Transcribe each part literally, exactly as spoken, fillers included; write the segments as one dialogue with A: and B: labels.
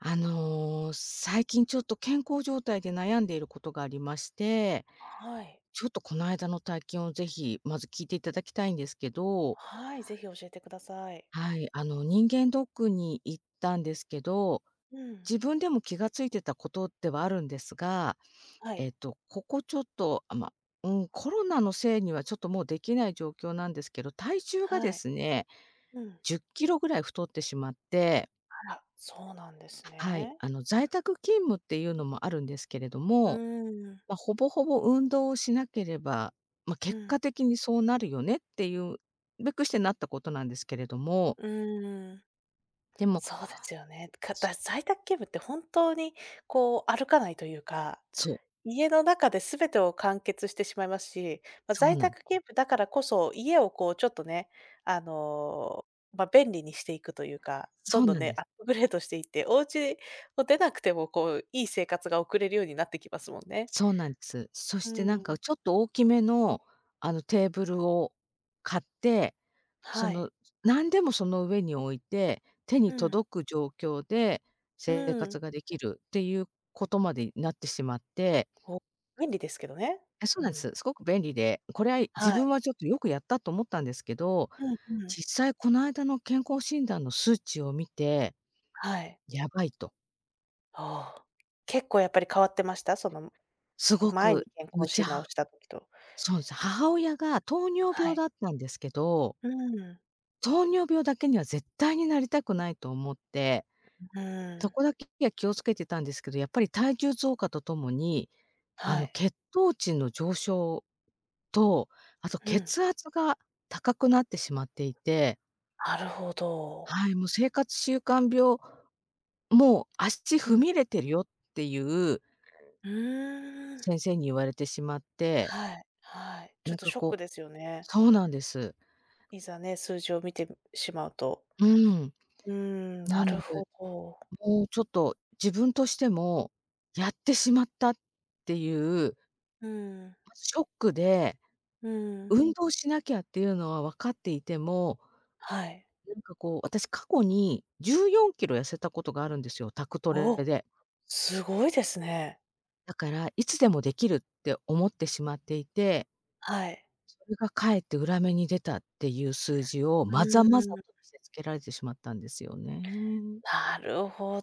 A: あの、最近ちょっと健康状態で悩んでいることがありまして、
B: はい。
A: ちょっと、こないだの体験をぜひ、まず聞いて頂きたいんですけど。
B: はい、ぜひ教えてください。
A: はい、あの、人間ドックに行ったんですけど、
B: うん。
A: 自分でも気が付いてたことではあるんですが、
B: は
A: え
B: い。
A: っと、ここちょっとあ、ま、うん、コロナのせいにはちょっともうできない状況なんですけど、体重が
B: は
A: で
B: い。
A: すね、
B: うん。
A: じゅっキロぐらい太ってしまって。
B: あら、そうなんです
A: ははい、
B: ね。
A: あの、在宅勤務っていうのもあるんですけれど
B: う
A: も、
B: ん。
A: ま、ほぼほぼ運動をしなければ、ま、
B: う
A: 結
B: ん。
A: 果的にそうなるよねっていうべくしてなったことなんですけれども。
B: うん。
A: でも
B: そうですよね。か
A: そ
B: だ在宅勤務って本当に、こう、歩かないというか、
A: そう。
B: 家の中で全てを完結してしまいますし、ま、
A: そう
B: 在
A: なん。
B: 宅勤務だからこそ、家をこうちょっとね、あの、ま、便利にしていくというか、
A: そ
B: ど
A: う
B: んどん
A: なん
B: ね、
A: で
B: ア
A: す。
B: ップグレードしていって、お家を出なくてもこう、いい生活が送れるようになってきますもんね。
A: そうなんす。そ
B: う
A: してなんか、
B: ん。
A: ちょっと大きめの、あの、テーブルを買って、そ
B: はい。
A: の、なんでもその上に置いて、手に
B: うん。
A: 届く状況で
B: う
A: 生
B: ん。
A: 活ができるっていうことまでいなってしまって。
B: ほ、便利ですけどね。
A: え、そう
B: う
A: なんす。
B: ん。
A: すごく便利で、こりゃいい、
B: は
A: 自
B: い。
A: 分はちょっとよくやったと思ったんですけど、
B: うんうん。
A: 実際こないだの健康診断の数値を見て
B: はい。
A: 「やばい」と。
B: はあ。結構やっぱり変わってました？その、む
A: すご
B: 前
A: く、
B: に健
A: む
B: 康
A: ち
B: 診
A: ゃ
B: 断をした時と。
A: そうす、母親が糖尿
B: は
A: 病
B: い。
A: だったんですけど
B: うん。
A: 糖尿病だけには絶対になりたくないと思って、
B: うう
A: そ
B: ん。
A: こだけや気を付けてたんですけど、やっぱり体重増加とともに、あ
B: は
A: の、
B: い。
A: 血糖値の上昇と、あと
B: うん。
A: 血圧が高くなってしまっていて
B: なるほど。
A: はい「もう生活習慣病、もう足
B: う
A: 踏み
B: ん。
A: 入れてるよ」っていう
B: うーん。
A: 先生に言われてしまって
B: はい、はい、ちょ
A: な
B: っ
A: ん
B: と
A: か
B: ショッ
A: こ
B: ク
A: う
B: ですよね。
A: そうなんです。
B: いざね、数字を見てしまうと。
A: うん。
B: うん、
A: な
B: な
A: の
B: る
A: で、
B: ほど。
A: もうちょっと、自分としても「やってしまった」っていう
B: うん。
A: まずショックで、
B: うん。
A: 運動しなきゃっていうのは分かっていても
B: はい。
A: うんかこう、私過去にじゅうよんキロ痩せたことがあるんですよ、宅トレ
B: お、
A: で。
B: すごいですね。
A: だから、いつでもできるって思ってしまっていて
B: はい。
A: それがかえって裏目に出たっていう数字を、
B: う
A: まざまざと
B: ーん。
A: 見せつけられてしまったんですよね。
B: なるほ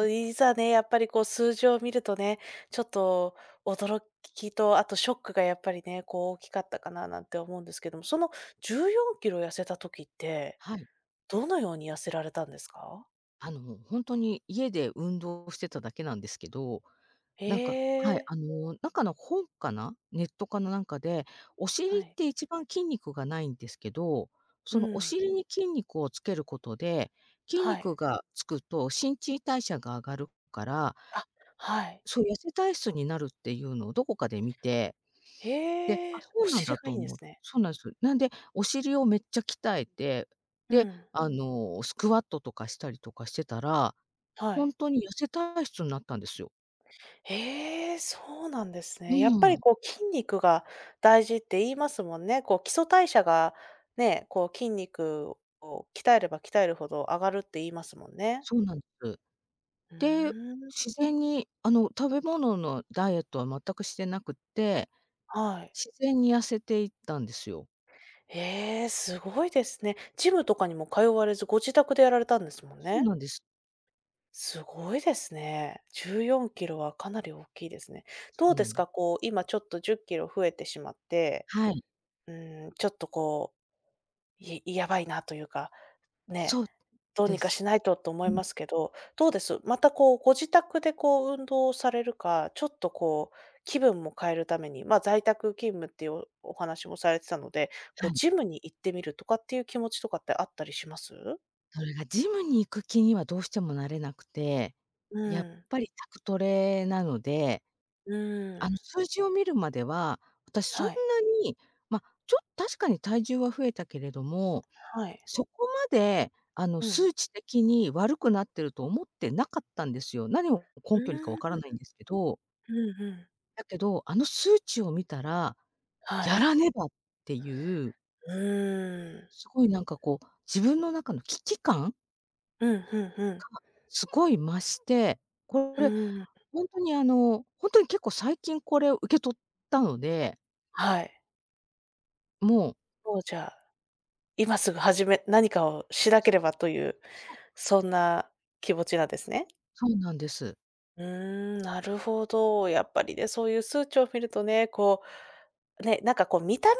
A: うん。
B: いざね、やっぱりこう数字を見るとね、ちょっと、驚きとあとショックがやっぱりね、こう大きかったかな、なんて思うんですけども、そのじゅうよんキロ痩せた時って、
A: はい。
B: どのように痩せられたんですか？
A: あの、もう、ほんとに、家で運動してただけなんですけど、
B: へ
A: なんかはい、
B: え。
A: あの、なんかの本かな、ネットかのなんかで、お尻
B: は
A: っ
B: い。
A: て一番筋肉がないんですけど、
B: う
A: そのお
B: ん。
A: 尻に筋肉をつけることで、筋
B: はい。
A: 肉がつくと新陳代謝が上がるから
B: あ、はい。
A: そう、痩せ体質になるっていうのをどこかで見て、で
B: へ
A: 「あ、
B: え、
A: そ
B: お
A: うなん
B: 尻
A: だ」
B: が
A: と
B: い
A: お
B: いんです
A: も
B: ね。
A: そうなんす。なんで、お尻をめっちゃ鍛えて、
B: う
A: で、
B: ん。
A: あの、スクワットとかしたりとかしてたら、
B: は
A: ほ
B: い。
A: んとに痩せ体質になったんですよ。
B: へえ、そうなんです
A: う
B: ね。やっぱり
A: ん。
B: こう筋肉が大事って言いますもんね。こう基礎代謝がね、こう筋肉を鍛えれば鍛えるほど上がるって言いますもんね。
A: そうなんす。
B: う
A: で、
B: ーん。
A: 自然に、あの、食べ物のダイエットは全くしてなくって、
B: はい。
A: 自然に痩せていったんですよ。
B: へえ、すごいですね。ジムとかにも通われず、ご自宅でやられたんですもん
A: そう
B: ね。
A: なんです。
B: すごいですね。じゅうよんキロはかなりおっきいですね。
A: そ
B: ど
A: う
B: うで
A: な
B: す
A: ん。
B: か、こう今ちょっとじゅっキロ増えてしまって。
A: はい。
B: うーん、ちょっとこう、いやばいなというか、ね、
A: そう
B: どう
A: で
B: にか
A: す。
B: しないとと思
A: う
B: い
A: ん。
B: ますけど、
A: そ
B: どう
A: う。
B: です？またこう、ご自宅でこう、運動をされるか、ちょっとこう、気分も変えるために、ま、在宅勤務っていうお話もされてたので、
A: は
B: こう
A: い。
B: ジムに行ってみるとかっていう気持ちとかってあったりします？
A: それがジムに行く気にはどうしてもなれなくて、
B: う
A: やっ
B: ん。
A: ぱり宅トレなので
B: う
A: あ
B: ん。
A: ん、数字を見るまでは、私そん
B: は
A: な
B: い。
A: に、ま、ちょっ確かに体重は増えたけれども、
B: はい。
A: そこまで、あの、
B: うん。
A: 数値的に悪くなってると思ってなかったんですよ。何を
B: う
A: 根拠にか分
B: ー
A: から
B: ん。
A: ないんですけど。
B: うんうん。
A: だけど、あの数値を見たら
B: は
A: 「や
B: い。
A: らねば」っていう
B: うーん。
A: すごいなんかこう、自分の中の危機感
B: うん、ふんふん。
A: が、すごい増して、こ
B: う
A: れ
B: ん。
A: ほんとに、あの、ほんとに結構最近これを受け取ったので。
B: はい。
A: もう。
B: とうじゃあ、今すぐはじめ何かをしなけ
A: そう。
B: ればという、
A: そう。
B: そんな気持ちなんですね？
A: そうなんです。
B: うん、なるほど、やっぱりね、そういう数値を見るとね、こうね、なんかこう見た目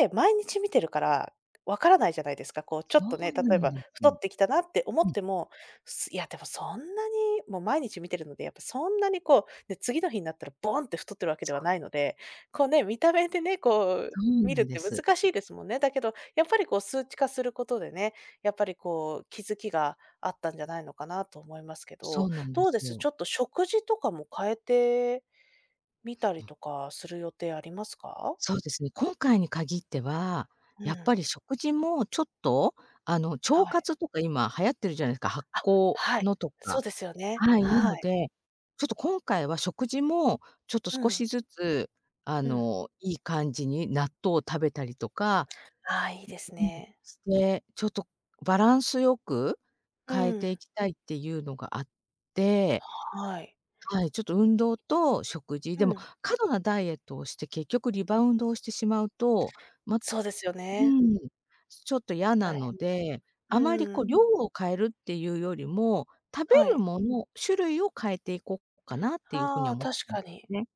B: って、毎日見てるからわからないじゃないですか。こう
A: そ
B: ちょっとね、
A: う
B: 例
A: な
B: え
A: ん
B: ば
A: です。う
B: 太
A: ん。
B: ってきたなって思っても、すいや、でもそんなにもう毎日見てるので、やっぱそんなにこう、ね、次の日になったらボンって太ってるわけで
A: そ
B: は
A: う。
B: ないので、こうね、見た目でね、こう
A: そう
B: 見
A: な
B: る
A: ん
B: っ
A: で
B: て
A: す。
B: 難しいですもんね。だけどやっぱりこう数値化することでね、やっぱりこう、気づきがあったんじゃないのかなと思いますけ
A: そ
B: ど、
A: うなんで
B: どう
A: す
B: です？
A: よ。
B: ちょっと食事とかも変えてみた
A: う
B: り
A: ん。
B: とかする予定ありますか？
A: そうですね、今回に限っては、
B: う
A: やっぱ
B: ん。
A: り食事もちょっと、あの、腸
B: はい。
A: 活とか今流行ってるじゃないすか、発
B: あ、
A: 酵
B: はい、
A: のと
B: そ
A: か。
B: うですよね。
A: はい、な
B: は
A: の
B: い。
A: で、ちょっと今回は食事も、ちょっと
B: う
A: 少し
B: ん。
A: ずつ、あ
B: うん。
A: の、いい感じに納豆を食べたりとか
B: ああ、いいです
A: ううん、
B: ね。
A: で、ちょっとバランスよく
B: う
A: 変えてい
B: ん。
A: きたいっていうのがあって
B: はい。
A: はい、ちょっと運動と食事。
B: う
A: でも、
B: ん。
A: 過度なダイエットをして、結局リバウンドをしてしまうと、まう
B: そうですよね。
A: ん、すちょっとやな
B: 大
A: の
B: 変です。
A: で、あまり
B: う
A: こ
B: ん。
A: う量を変えるっていうよりも、食べ
B: は
A: る
B: い。
A: もの、種類を変えていこっかなっていう風に
B: あ
A: は
B: あ、
A: 思って
B: 確
A: るん
B: か
A: ですよ
B: に。
A: ね。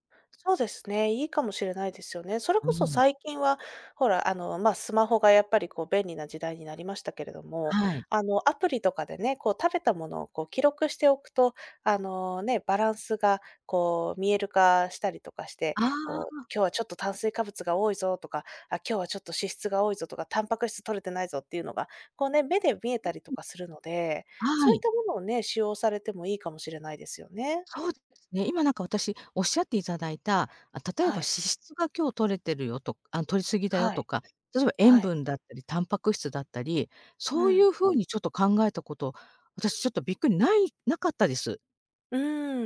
B: そうですね、いいかもしれないですよね。それ
A: う
B: こそ
A: ん。
B: 最近はほら、あの、ま、スマホがやっぱりこう便利な時代になりましたけれども、
A: はい。
B: あの、アプリとかでね、こう食べたものを、こう記録しておくと、あの、ね、バランスがこう見える化したりとかして、
A: ああ、
B: こう
A: あ。
B: 「今日はちょっと炭水化物が多いぞ」とか「あ、今日はちょっと脂質が多いぞ」とか「タンパク質摂れてないぞ」っていうのが、こうね、目で見え
A: う
B: た
A: ん
B: り
A: う
B: と
A: ん。
B: かするので、
A: は
B: そういっ
A: い。
B: たものをね、使用されてもいいかもしれないですよね。
A: そうですね。今なんか私、おっしゃっていただいた、あ、例えば
B: は
A: 脂
B: い。
A: 質が今日摂れてるよとくあの、摂り過ぎだよ
B: は
A: と
B: い、
A: か、どでば塩
B: はい。
A: 分だったり、タンパク質だったり、
B: う
A: そうい
B: ん。
A: う風にちょっと考えたこと、私ちょっとびっくり、ないなかったです。
B: う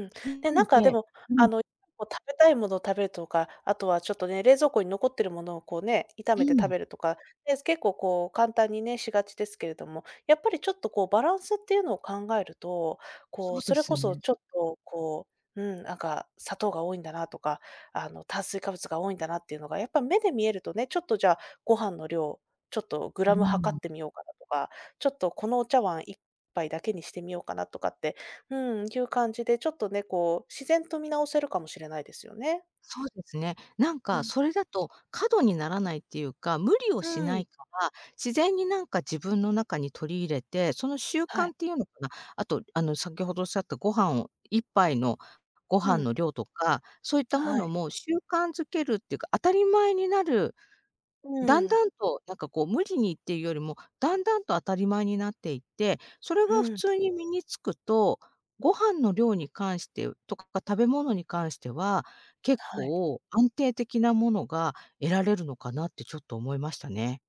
B: ん、
A: な
B: で、
A: の
B: なんかで
A: で
B: も、
A: う
B: あ
A: ん。
B: の、もう食べたいものを食べるとか、あとはちょっとね、冷蔵庫に残ってるものをこうね、炒
A: う
B: めて食
A: ん。
B: べるとか、え、す結構こう簡単にね、しがちですけれども、やっぱりちょっと、こう、バランスっていうのを考えると、
A: そ
B: こう、
A: う
B: そ
A: で
B: れこ
A: す
B: そ
A: ね。
B: ちょっと、こう、うん、なんか、砂糖が多いんだなとか、あの、炭水化物が多いんだなっていうのがやっぱ目で見えるとね、ちょっとじゃあ、ご飯の量、ちょっとグ
A: う
B: ラム量
A: ん。
B: ってみようかなとか、ちょっとこのお茶碗いっぱいだけにしてみようかなとかって、うん、いう感じでちょっとね、こう、自然と見直せるかもしれないですよね。
A: そうですね。なん
B: う
A: か
B: ん。
A: それだと、過度にならないっていうか、無理をし
B: う
A: な
B: ん。
A: いから、自然になんか自分の中に取り入れて、その習
B: はい。
A: 慣っていうのかな、あと、あの、先ほどおっしゃったご飯をいっぱいのご飯
B: うん。
A: の量とか、そういったも
B: は
A: の
B: い。
A: も習慣づけるってか、当たり前になる、
B: う
A: だん
B: ん。
A: だんとなんかこう無理にっていうよりも、だんだんと当たり前になっていって、それ
B: う
A: が普
B: ん。
A: 通に身に付くと、ご飯の量に関してとか、食べ物に関しては、結
B: はい。
A: 構安定的なものが得られるのかなってちょっと思いましたね。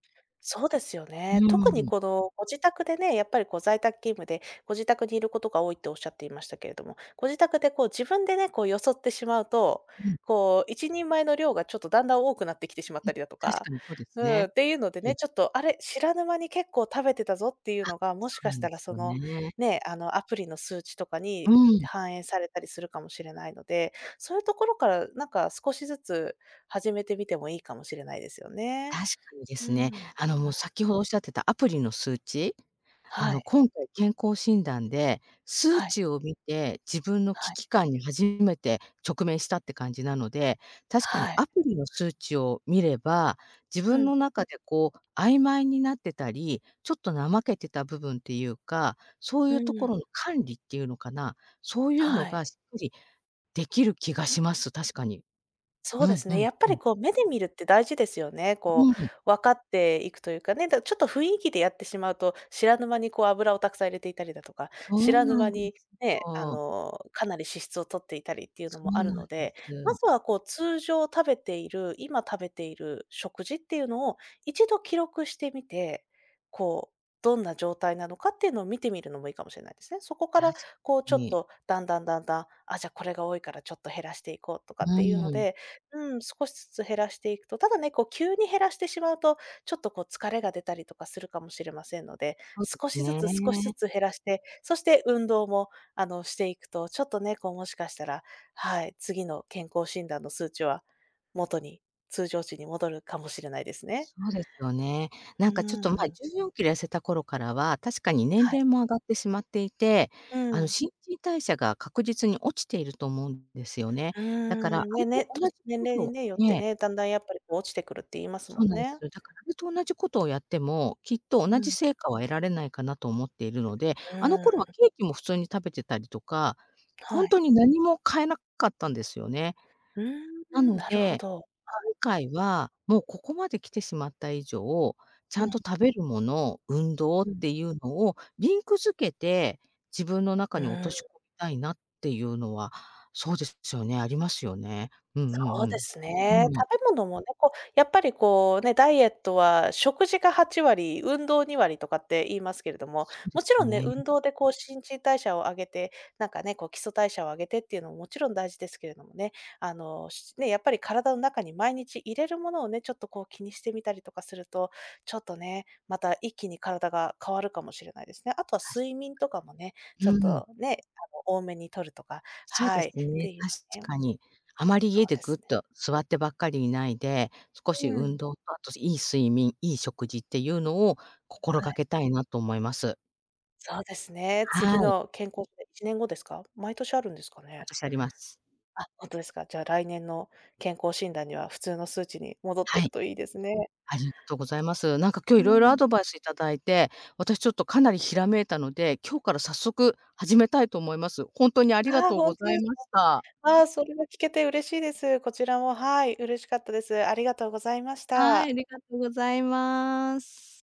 B: そうですよね。
A: う
B: 特に
A: ん。
B: この、ご自宅でね、やっぱりこう、在宅勤務でご自宅にいることが多いって仰っていましたけれども、ご自宅でこう、自分でね、こう、よそってしまうと、
A: うん。
B: こう、いちにんまえの量がちょっとだんだん多くなってきてしまっ
A: うん、
B: たりだと
A: 確か
B: か
A: にそうで
B: うん、
A: ね。
B: っていうので
A: は
B: ね、
A: い。
B: ちょっとあれ、知らぬ間に結構食べてたぞっていう
A: あ、
B: のが、も
A: そ
B: し
A: う
B: か
A: な
B: し
A: んで
B: たら
A: す
B: そ
A: よ
B: の、
A: ね。
B: ね、あの、アプリの数値とか
A: う
B: に
A: ん。
B: 反映されたりするかもしれないので、そういうところから、なんか少しずつ始めてみてもいいかもしれないですよね。
A: 確かにで
B: うん、
A: す
B: う
A: ね、
B: ん。
A: あの、もう、先ほど仰ってたアプリの数値、あ
B: は
A: の、
B: い。
A: 今回健康診断で、数
B: はい。
A: 値を見て、自分の
B: は
A: 危
B: い。
A: 機感に初めて直面したって感じなので、確かに
B: はい。
A: アプリの数値を見れば、自
B: う
A: 分
B: ん。
A: の中でこう、曖昧になってたり、ちょっと怠けてた部分っていうか、そうい
B: う
A: うところ
B: ん。
A: の管理っていうのかな、そういうの
B: は
A: が
B: い。
A: しっかり出来る気がします、確かに。
B: そ
A: う
B: うで
A: ん
B: す
A: う
B: ね、
A: ん
B: やっぱ
A: うん。
B: りこう、目で見るって大事ですよね。こ
A: うん。
B: う、分かっていくというかね、だ、ちょっと雰囲気でやってしまうと、知らぬ間にこう、油をたくさん入れていたりだとか、
A: そ
B: 知
A: う
B: らぬ
A: なん
B: 間
A: で
B: に、
A: す
B: ね、あ
A: よ。
B: の、かなり脂質を取っていたりっていう
A: そ
B: の
A: う
B: もある
A: なん
B: の
A: で
B: で、ま
A: す。
B: ずはこう、通常食べている、今食べている食事っていうのを一度記録してみて、こう、どんな状態なのかっていうのを見てみるのもいいかもしれないですね。そこから
A: 確
B: こう、ちょっ
A: に。
B: とだんだんだんだん、あ、じゃあ、これが多いからちょっと減らしていこうとか
A: う
B: っていうの
A: ん。
B: でうん、少しずつ減らしていくと、ただね、こう急に減らしてしまうと、ちょっとこう、疲れが出たりとかするかもしれませんので、
A: そうで
B: 少しずつ少しず
A: ね。
B: つ減らして、そして運動も、あの、していくと、ちょっとね、こう、もしかしたら、はい、次の健康診断の数値は元に、通常値に戻るかもしれないですね。
A: そうでよね。な
B: う
A: んかちょっと前、
B: ん。
A: じゅうよんキロ痩せた頃からは、確かに年
B: はい。
A: 齢も上がってしまっていて、
B: う
A: あの、
B: ん。
A: 新陳代謝が確実に落ちていると思うんですよね。
B: う
A: だから、あ
B: ん。
A: れ
B: ね
A: と
B: ね、
A: 同じ
B: 年年
A: こ
B: 齢
A: と
B: によって
A: ええ。
B: ね、だんだんやっぱり、こう、落ちてくるって言います
A: そ
B: も
A: う
B: ん
A: なんす
B: ね。
A: よ。だからあれと同じことをやっても、きっと同
B: う
A: じ
B: ん。
A: 成果は得られないかなと思っているので、
B: う
A: あの頃は
B: ん。
A: ケーキも普通に食べてたりとか、ほ
B: は
A: ん
B: い。
A: とに何も変えなかったんですよね。
B: うー
A: な
B: ん、
A: の
B: なるほ
A: で、
B: ど、はい。
A: 今回は、もうここまで来てしまった以上、ち
B: う
A: ゃん
B: ん。
A: と食べるもの、運動っ
B: うん。
A: ていうのをリンク付けて、自分の中
B: う
A: に落と
B: ん。
A: し込たいなっていうのは、そうですよね、ありますよね。うんう
B: そうで
A: ん
B: す
A: うん。
B: ね。
A: うん。
B: 食べ物もね、こう、やっぱりこうね、ダイエットは食事がはちわり、運動にわりとかって言いますけれども、
A: そうで
B: もち
A: す
B: ろんね、運
A: ね。
B: 動でこう新陳代謝を上げて、なんかね、こう基礎代謝を上げてっていうのも、もちろん大事ですけれどもね、あの、しね、やっぱり体の中に毎日入れるものをね、ちょっとこう気にしてみたりとかすると、ちょっとね、また一気に体が変わるかもしれないですね。あとは
A: たし
B: 睡眠とかもね、ちょっ
A: うん。
B: とね、あの、多めにとるとか、
A: そうで
B: はい、
A: す
B: って
A: ね、
B: いう
A: 確
B: のね
A: かに。あまり
B: そ
A: 家
B: う
A: で
B: で
A: ぐっ
B: すね。
A: と座ってばっかりいないで、少し
B: う
A: 運
B: ん。
A: 動と、あといい睡眠、いい食事っていうのを心
B: は
A: が
B: い。
A: けたいなと思います。
B: そうですね。次
A: はい。
B: の健康せいちねん後ですか？毎年あるんですかね？
A: 私あります。
B: あ、ほんとですか。じゃあ、来年の健康診断には普通の数値に戻っ
A: は
B: てる
A: い。
B: といいですね。
A: ありがとうございます。なんか今日
B: う
A: 色々ア
B: ん。
A: ドバイス頂いて、私ちょっとかなりひらめいたので、今日から早速始めたいと思います。ほんとにありが
B: ああ、
A: とう
B: ほ
A: ご
B: んと
A: ざ
B: で
A: い
B: す
A: ました。
B: か。ああ、それは聞けて嬉しいです。こちらも、はい、嬉しかったです。ありがとうございまし
A: はい、あ
B: た。
A: りがとうございます。